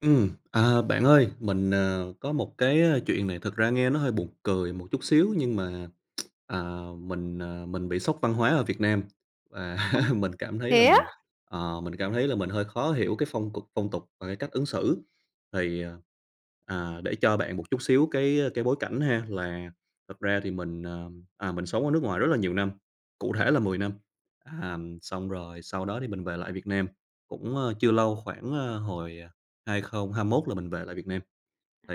Ừm, à, bạn ơi, mình, à, có một cái, ơ, chuyện này thực ra nghe nó hơi buồn cười một chút xíu nhưng mà, à, mình, à, mình bị sốc văn hóa ở Việt Nam và Ô, mình cảm thấy là thế á? mình, ờ, mình cảm thấy là mình hơi khó hiểu cái phong cục phong tục và cái cách ứng xử. Thì, ờ, à, để cho bạn một chút xíu cái cái bối cảnh ha là thật ra thì mình, à, à, mình sống ở nước ngoài rất là nhiều năm, cụ thể là 10 năm, à, xong rồi sau đó thì mình về lại Việt Nam cũng, ơ, chưa lâu, khoảng, ờ, hồi 2021 là mình về lại Việt Nam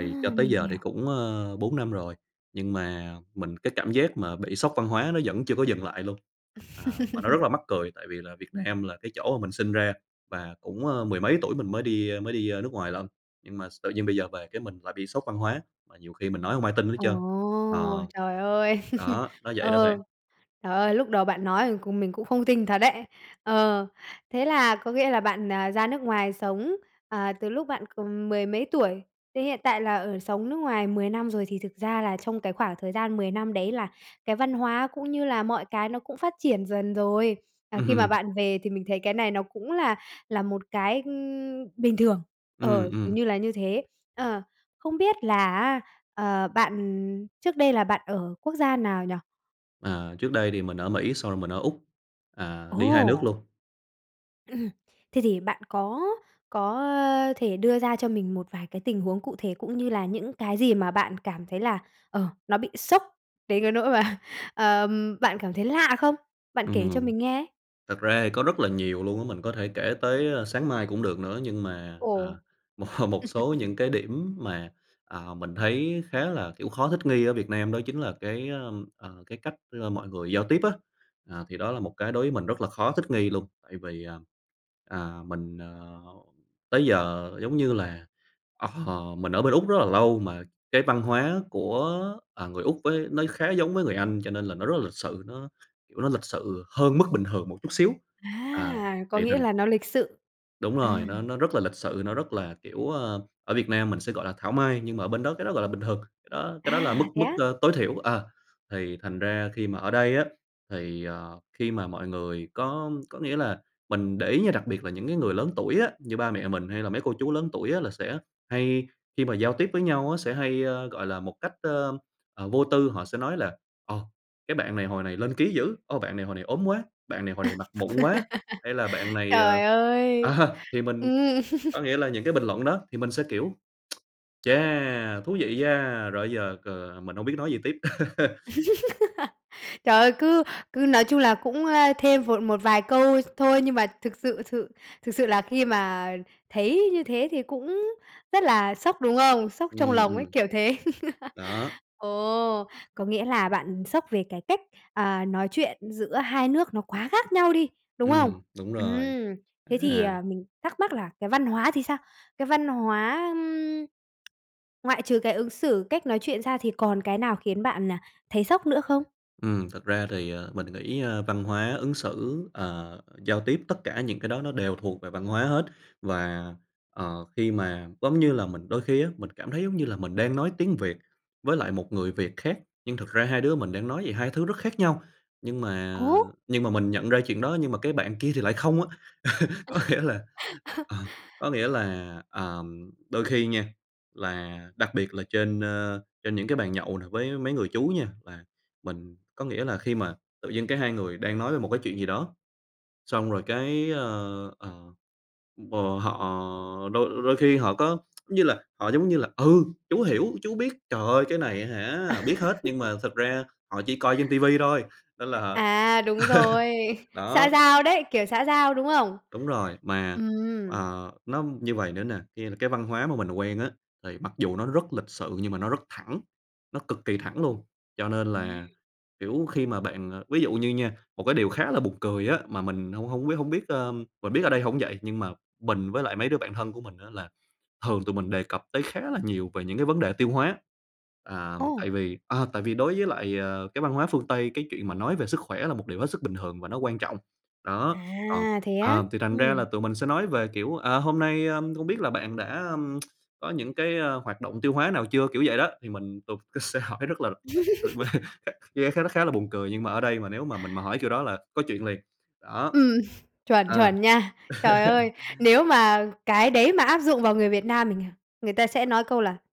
À, cho tới mình giờ thì hiểu. cũng, ơ, 4 năm rồi. Nhưng mà mình cái cảm giác mà bị sốc văn hóa nó vẫn chưa có dừng lại luôn. À, và nó rất là mắc cười tại vì là Việt Nam là cái chỗ mà mình sinh ra và cũng, ơ, mười mấy tuổi mình mới đi mới đi nước ngoài lận. Nhưng mà s tự nhiên bây giờ về cái mình lại bị sốc văn hóa và nhiều khi mình nói hông ai tin hết trơn. Ồ, Ờ, trời ơi! đó, nó vậy đó bạn. Ờ, trời ơi! Lúc đầu bạn nói cùng mình mình cũng không tin thật đấy. Ờ, thế là có nghĩa là bạn, à, ra nước ngoài sống, à, từ lúc bạn còn mười mấy tuổi thì hiện tại là ở sống nước ngoài 10 năm rồi. Thì thực ra là trong cái khoảng thời gian 10 năm đấy là cái văn hóa cũng như là mọi cái nó cũng phát triển dần rồi. À, khi mà Ừm. bạn về thì mình thấy cái này nó cũng là là một cái, ừm, bình thường, Ừm, ờ, dường ừm. như là như thế. Ờ, không biết là á, ờ, bạn trước đây là bạn ở quốc gia nào nhỉ? À, trước đây thì mình ở Mỹ, xong rồi mình ở Úc. À, đi 2 nước Ồ! luôn. Ừm, ừm, thế thì bạn có có, ơ, thể đưa ra cho mình một vài cái tình huống cụ thể cũng như là những cái gì mà bạn cảm thấy là, ờ, nó bị sốc đến cái nỗi mà, ờm, bạn cảm thấy lạ không? Bạn kể cho Ừm, mình nghe. thật ra thì có rất là nhiều luôn á, mình có thể kể tới, ơ, sáng mai cũng được nữa. Nhưng mà, à, Ồ. một một số những cái điểm mà, à, mình thấy khá là, kiểu, khó thích nghi ở Việt Nam đó chính là cái, ơm, ờ, cái cách, ơ, mọi người giao tiếp á. À, thì đó là một cái đối với mình rất là khó thích nghi luôn, tại vì, à, à, mình, ờ, tới giờ, giống như là, ờ, mình ở bên Úc rất là lâu mà cái văn hóa của, à, người Úc với nó khá giống với người Anh, cho nên là nó rất là lịch sự, nó, kiểu, nó lịch sự hơn mức bình thường một chút xíu. À, À! Có thì nghĩa thành là nó lịch sự. Đúng rồi, Ừm. nó nó rất là lịch sự, nó rất là kiểu, ờ, ở Việt Nam mình sẽ gọi là thảo mai, nhưng mà ở bên đó cái đó gọi là bình thường, cái đó cái đó là mức À! Thế mức, á? ơ, tối thiểu. À, thì thành ra khi mà ở đây á, thì, ờ, khi mà mọi người có có nghĩa là mình để ý nha, đặc biệt là những cái người lớn tuổi á, như ba mẹ mình hay là mấy cô chú lớn tuổi á là sẽ hay khi mà giao tiếp với nhau á sẽ hay, ơ, gọi là, một cách, ơm, à, vô tư. Họ sẽ nói là "Ồ, cái bạn này hồi này lên ký dữ! Ồ, bạn này hồi này ốm quá! Bạn này hồi này mặt mụn quá!" hay là "Bạn này, Trời ờ," ơi! à, thì mình Ừm. có nghĩa là những cái bình luận đó thì mình sẽ kiểu: "Chà! Thú vị nha!" rồi bây giờ c mình hông biết nói gì tiếp. Trời ơi, cứ cứ nói chung là cũng, ơ, thêm vội một vài câu thôi, nhưng mà thực sự thự thực sự là khi mà thấy như thế thì cũng rất là sốc, đúng không? Sốc trong Ừm, lòng ấy, ừm. kiểu thế. Đó. Ồ! Có nghĩa là bạn sốc về cái cách, à, nói chuyện giữa 2 nước nó quá khác nhau đi, đúng không? Ừm, đúng rồi. Ừm, thế thì, À. à, mình thắc mắc là cái văn hóa thì sao? Cái văn hóa, ưm, ngoại trừ cái ứng xử, cách nói chuyện ra thì còn cái nào khiến bạn là thấy sốc nữa không? Ừm, thật ra thì mình nghĩ, ơ, văn hóa ứng xử, ờ, giao tiếp, tất cả những cái đó nó đều thuộc về văn hóa hết. Và, ờ, khi mà, giống như là, mình đôi khi á, mình cảm thấy giống như là mình đang nói tiếng Việt với lại một người Việt khác, nhưng thật ra hai đứa mình đang nói về hai thứ rất khác nhau. Nhưng mà Ủa? nhưng mà mình nhận ra chuyện đó, nhưng mà cái bạn kia thì lại không á. Có nghĩa là à, có nghĩa là, ờm, đôi khi nha, là đặc biệt là trên, ơ, trên những cái bàn nhậu nè với mấy người chú nha, và mình có nghĩa là khi mà tự dưng cái hai người đang nói về một cái chuyện gì đó, xong rồi cái, ơ, ờ, ừm, ờ, họ đôi đôi khi họ có như là họ giống như là "Ừ, chú hiểu, chú biết, trời ơi, cái này á hả, biết hết." Nhưng mà thật ra họ chỉ coi trên ti vi thôi, nên là À! Đúng rồi, xã đó. giao đấy, kiểu xã giao, đúng không? Đúng rồi, mà, Ừm. ờ, nó như vầy nữa nè, kia là cái văn hóa mà mình quen á, thì mặc dù nó rất lịch sự nhưng mà nó rất thẳng, nó cực kỳ thẳng luôn. Cho nên Ừm. là, kiểu, khi mà bạn, ờ ví dụ như nha, một cái điều khá là buồn cười á, mà mình hông hông biết hổng biết, ờm mình biết ở đây hổng vậy, nhưng mà mình, với lại mấy đứa bạn thân của mình á là thường tụi mình đề cập tới khá là nhiều về những cái vấn đề tiêu hóa. À, Ồ! tại vì à, tại vì đối với lại, ờ, cái văn hóa phương Tây, cái chuyện mà nói về sức khỏe là một điều hết sức bình thường và nó quan trọng. Đó, còn À, thế á? ờ, thì thành ra là Ừm. tụi mình sẽ nói về kiểu: "À, hôm nay, ơm, không biết là bạn đã có những cái, a, hoạt động tiêu hóa nào chưa?" kiểu vậy đó. Thì mình thường c sẽ hỏi rất là mà [unintelligible] nghe khá l khá là buồn cười, nhưng mà ở đây mà nếu mà mình mà hỏi kiểu đó là có chuyện liền. Đó, Ừm, chuẩn, à. chuẩn nha. Trời ơi, nếu mà cái đấy mà áp dụng vào người Việt Nam mình à, người ta sẽ nói câu là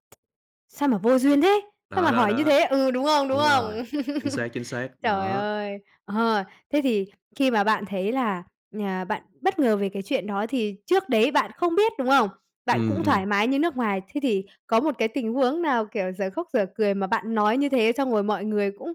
"Sao mà vô duyên thế? Sao Đó, mà đó, hỏi như đó. thế?" ừ, đúng không? Đúng Đúng không? rồi, chính xác, chính xác, Trời đó. ơi! Ờ, thế thì khi mà bạn thấy là, à, bạn bất ngờ về cái chuyện đó thì trước đấy bạn không biết, đúng không? Bạn Ừm, cũng thoải ừm. mái như nước ngoài. Thế thì có một cái tình huống nào kiểu dở khóc, dở cười mà bạn nói như thế, xong rồi mọi người cũng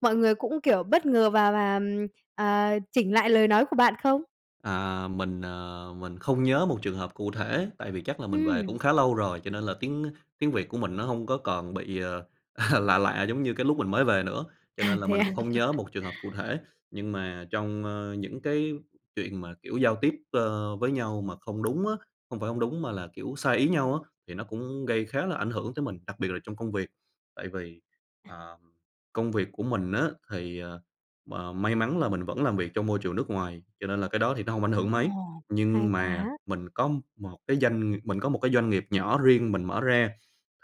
mọi người cũng kiểu bất ngờ và và, ừm, ờ, chỉnh lại lời nói của bạn không? À, mình, à, mình không nhớ một trường hợp cụ thể, tại vì chắc là mình về cũng Ừm. khá lâu rồi, cho nên là tiếng, ơ, tiếng Việt của mình nó hông có còn bị, ờ, lạ lạ giống như cái lúc mình mới về nữa. Cho À, nên là thế mình à? cũng hông nhớ một trường hợp cụ thể, nhưng mà trong, a, những cái chuyện mà, kiểu, giao tiếp, ơ, với nhau mà không đúng á, hông phải hông đúng mà là kiểu sai ý nhau á thì nó cũng gây khá là ảnh hưởng tới mình, đặc biệt là trong công việc. Tại vì, À. ờm, công việc của mình á thì, ờ, m may mắn là mình vẫn làm việc trong môi trường nước ngoài, cho nên là cái đó thì nó hông ảnh Ồ, hưởng mấy. hay Nhưng mà quá! mình có một cái doanh ng mình có một cái doanh nghiệp nhỏ riêng mình mở ra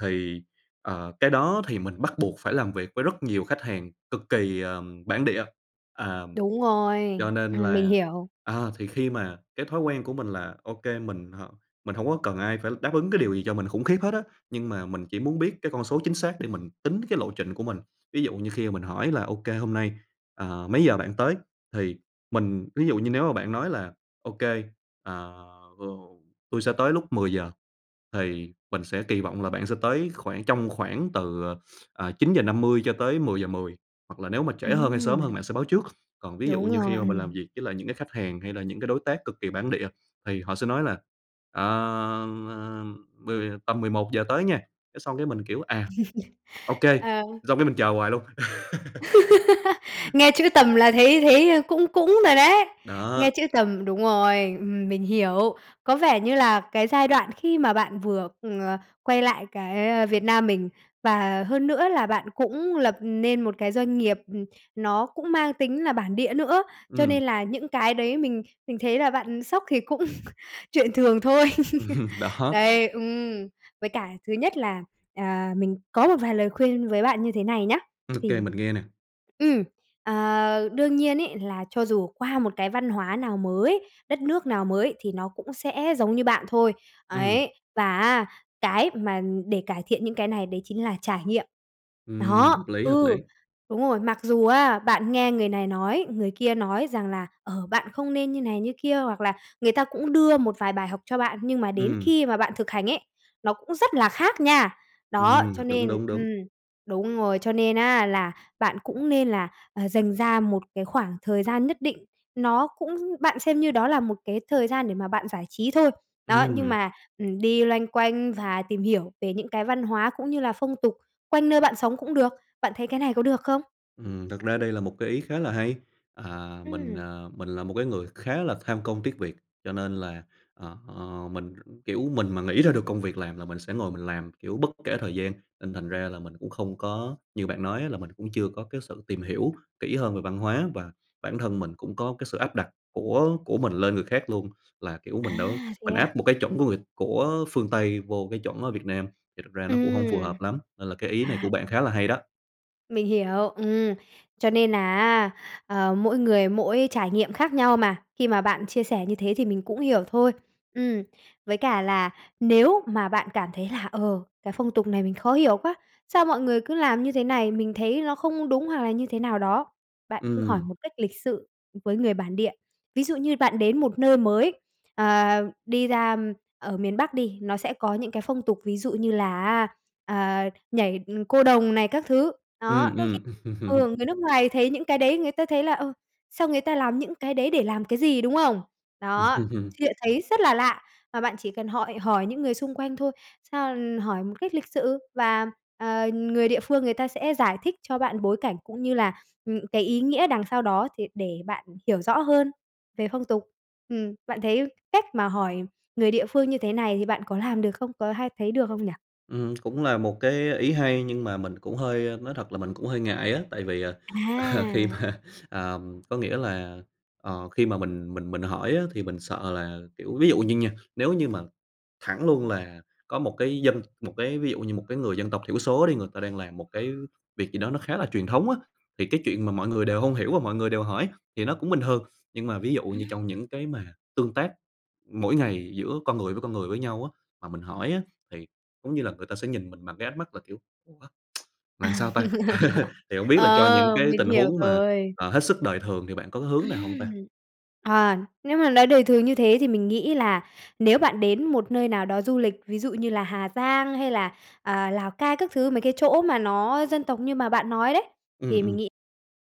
thì, ờ, cái đó thì mình bắt buộc phải làm việc với rất nhiều khách hàng cực kỳ, ờm, bản địa. Ờm, Đúng rồi. cho nên Ừm, mình là hiểu. à, thì khi mà cái thói quen của mình là OK, mình h mình hông có cần ai phải đáp ứng cái điều gì cho mình khủng khiếp hết á. Nhưng mà mình chỉ muốn biết cái con số chính xác để mình tính cái lộ trình của mình. Ví dụ như khi mà mình hỏi là "OK, hôm nay, ờ, mấy giờ bạn tới?" Thì mình ví dụ như nếu mà bạn nói là "Ô kê, ờ, [unintelligible] tôi sẽ tới lúc 10:00" thì mình sẽ kỳ vọng là bạn sẽ tới khoảng trong khoảng từ, ờ, à, 9:50 cho tới 10:10 hoặc là nếu mà trễ hơn, hay sớm Ừm. hơn bạn sẽ báo trước. Còn ví dụ Đúng như rồi, khi mà mình làm ừm. việc với lại những cái khách hàng hay là những cái đối tác cực kỳ bản địa thì họ sẽ nói là "Ờ, ờ, mười tầm 11:00 tới nha." Cái xong cái mình, kiểu: "À, OK." Ờ. xong cái mình chờ hoài luôn. Nghe chữ tầm là thấy thấy, ơ, cũng cũng rồi đấy. Nghe Đó. chữ tầm đúng rồi, ừm mình hiểu. Có vẻ như là cái giai đoạn khi mà bạn vừa, ừm, ờ, quay lại cái, a, Việt Nam mình, và hơn nữa là bạn cũng lập nên một cái doanh nghiệp, ừm, nó cũng mang tính là bản địa nữa, cho Ừm. nên là những cái đấy mình mình thấy là bạn, ừ, sốc thì cũng chuyện thường thôi. Ừm, đó. Đấy, ừm, với cả thứ nhất là, à, mình có một vài lời khuyên với bạn như thế này nhá. OK, Thì mình nghe nè. ừm, à đương nhiên ấy là cho dù qua một cái văn hóa nào mới, đất nước nào mới thì nó cũng sẽ giống như bạn thôi. Ừm. Ấy, và á, cái mà để cải thiện những cái này đấy chính là trải nghiệm. Ừm, Đó, hợp lý, hợp ừ, lý. đúng rồi, mặc dù á, bạn nghe người này nói, người kia nói rằng là "Ờ, bạn không nên như này, như kia." hoặc là người ta cũng đưa một vài bài học cho bạn, nhưng mà đến Ừm. khi mà bạn thực hành ấy, nó cũng rất là khác nha. Đó, Ừm, cho đúng, nên đúng, đúng. ừm, đúng rồi, cho nên á, là bạn cũng nên là, ờ, dành ra một cái khoảng thời gian nhất định. Nó cũng bạn xem như đó là một cái thời gian để mà bạn giải trí thôi. Đó, nhưng Ừm. mà, ừm, đi loanh quanh và tìm hiểu về những cái văn hóa cũng như là phong tục quanh nơi bạn sống cũng được. Bạn thấy cái này có được không? Ừm, thật ra đây là một cái ý khá là hay. À, mình, Ừm. à, mình là một cái người khá là tham công, tiếc việc, cho nên là, ờ, ờ, mình, ừ, kiểu, mình mà nghĩ ra được công việc làm là mình sẽ ngồi mình làm, kiểu, bất kể thời gian. Nên thành ra là mình cũng không có như bạn nói á là mình cũng chưa có cái sự tìm hiểu kỹ hơn về văn hóa và bản thân mình cũng có cái sự áp đặt của của mình lên người khác luôn. Là, kiểu, À! mình đâu Thế mình áp à? một cái chuẩn của người của phương Tây vô cái chuẩn ở Việt Nam, thì thật ra nó cũng hông phù Ừm. hợp lắm. Nên là cái ý này À! của bạn Thế khá là hay đó. Mình hiểu, ừm, cho nên là á, ờ, mỗi người mỗi trải nghiệm khác nhau mà, khi mà bạn chia sẻ như thế thì mình cũng hiểu thôi. Ừm, với cả là, nếu mà bạn cảm thấy là "Ờ, cái phong tục này mình khó hiểu quá? Sao mọi người cứ làm như thế này, mình thấy nó không đúng." Hoặc là như thế nào đó, bạn cứ hỏi Ừm. một cách lịch sự, với người bản địa. Ví dụ như bạn đến một nơi mới, ờ, đi ra ở miền Bắc đi, nó sẽ có những cái phong tục, ví dụ như là, á, ờ, nhảy, ừ, Cô đồng này các thứ. Ừm, Đó, đôi khi ừm. ừ, người nước ngoài thấy những cái đấy, người ta thấy là "Ờ, sao người ta làm những cái đấy để làm cái gì?" Đúng không? Đó, [unintelligible] chuyện thấy rất là lạ và bạn chỉ cần hỏi hỏi những người xung quanh thôi, sao ư, hỏi một cách lịch sự và, ờ, người địa phương người ta sẽ giải thích cho bạn bối cảnh cũng như là, ừm, cái ý nghĩa đằng sau đó, thì để bạn hiểu rõ hơn về phong tục. Ừm, bạn thấy cách mà hỏi người địa phương như thế này thì bạn có làm được không? Có hay thấy được không nhỉ? Ừm, cũng là một cái ý hay, nhưng mà mình cũng hơi, ơ nói thật là mình cũng hơi ngại á. Tại vì, à, à, khi À! mà à, có nghĩa là, ờ, khi mà mình mình mình hỏi á thì mình sợ là kiểu, ví dụ như nha, nếu như mà thẳng luôn là có một cái dân, một cái ví dụ như một cái người dân tộc thiểu số đi, người ta đang làm một cái việc gì đó nó khá là truyền thống á, thì cái chuyện mà mọi người đều hông hiểu và mọi người đều hỏi thì nó cũng bình thường. Nhưng mà ví dụ như Ừm. trong những cái mà tương tác mỗi ngày giữa con người với con người với nhau á, mà mình hỏi á, thì giống như là người ta sẽ nhìn mình bằng cái ánh mắt là kiểu: "Ủa, À. là sao ta?" Thì hổng biết là cho những Ờ, cái mình tình hiểu huống mà, rồi. ờ, hết sức đời thường thì bạn có cái hướng nào hông Ừm. ta? À, nếu mà nói đời thường như thế thì mình nghĩ là nếu bạn đến một nơi nào đó du lịch, ví dụ như là Hà Giang hay là, à, Lào Cai các thứ, mấy cái chỗ mà nó dân tộc như mà bạn nói đấy, Ừm, thì mình ừm. nghĩ,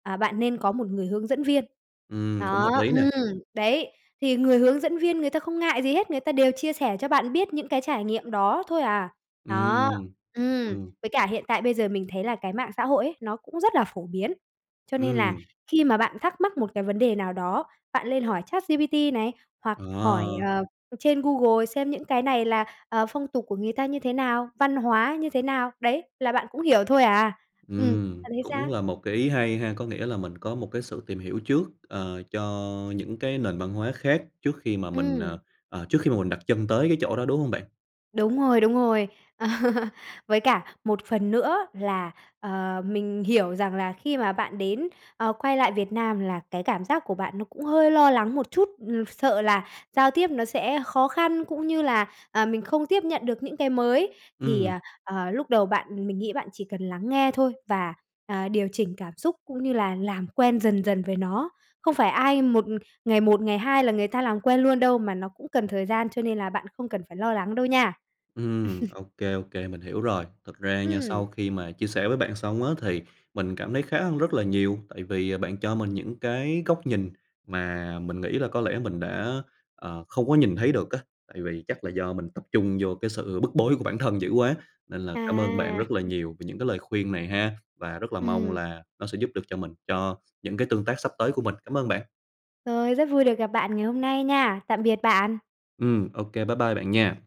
à, bạn nên có một người hướng dẫn viên, Ừm, cũng đó, hợp lý nè. ừm, đấy. Thì người hướng dẫn viên người ta không ngại gì hết, người ta đều chia sẻ cho bạn biết những cái trải nghiệm đó thôi à, đó, Ừm. ừm. Ừm. Với cả hiện tại bây giờ mình thấy là cái mạng xã hội ấy, nó cũng rất là phổ biến. Cho nên là Ừm. khi mà bạn thắc mắc một cái vấn đề nào đó, bạn lên hỏi ChatGPT này, hoặc Ờ. hỏi, ờ, ừm, trên Google xem những cái này là, ờ, phong tục của người ta như thế nào, văn hóa như thế nào. Đấy, là bạn cũng hiểu thôi à. Ừm, Ừm, bạn thấy cũng sao? là một cái ý hay ha. Có nghĩa là mình có một cái sự tìm hiểu trước, ờ, cho những cái nền văn hóa khác trước khi mà mình, ờ, Ừm. ờ, trước khi mà mình đặt chân tới cái chỗ đó, đúng hông bạn? Đúng rồi, đúng rồi. Với cả một phần nữa là, ờ, mình hiểu rằng là khi mà bạn đến ờ, quay lại Việt Nam là cái cảm giác của bạn nó cũng hơi lo lắng một chút. Ừm, sợ là giao tiếp nó sẽ khó khăn, cũng như là, à, mình không tiếp nhận được những cái mới. Thì, Ừm. à, à, lúc đầu bạn mình nghĩ bạn chỉ cần lắng nghe thôi và, à, điều chỉnh cảm xúc cũng như là làm quen dần dần về nó. Không phải ai một ngày một, ngày hai là người ta làm quen luôn đâu, mà nó cũng cần thời gian, cho nên là bạn không cần phải lo lắng đâu nha. Ừm, OK, OK, mình hiểu rồi. Thực ra nha, sau Ừm! khi mà chia sẻ với bạn xong á, thì mình cảm thấy khá hơn rất là nhiều, tại vì, à, bạn cho mình những cái góc nhìn mà mình nghĩ là có lẽ mình đã, ờ, không có nhìn thấy được á. Tại vì chắc là do mình tập trung vô cái sự bức bối của bản thân dữ quá, nên là cảm ơn bạn À! rất là nhiều về những cái lời khuyên này ha, và rất là mong Ừm. là nó sẽ giúp được cho mình, cho những cái tương tác sắp tới của mình. Cảm ơn bạn! Rồi, rất vui được gặp bạn ngày hôm nay nha! Tạm biệt bạn. Ừm, OK, bye bye bạn nha!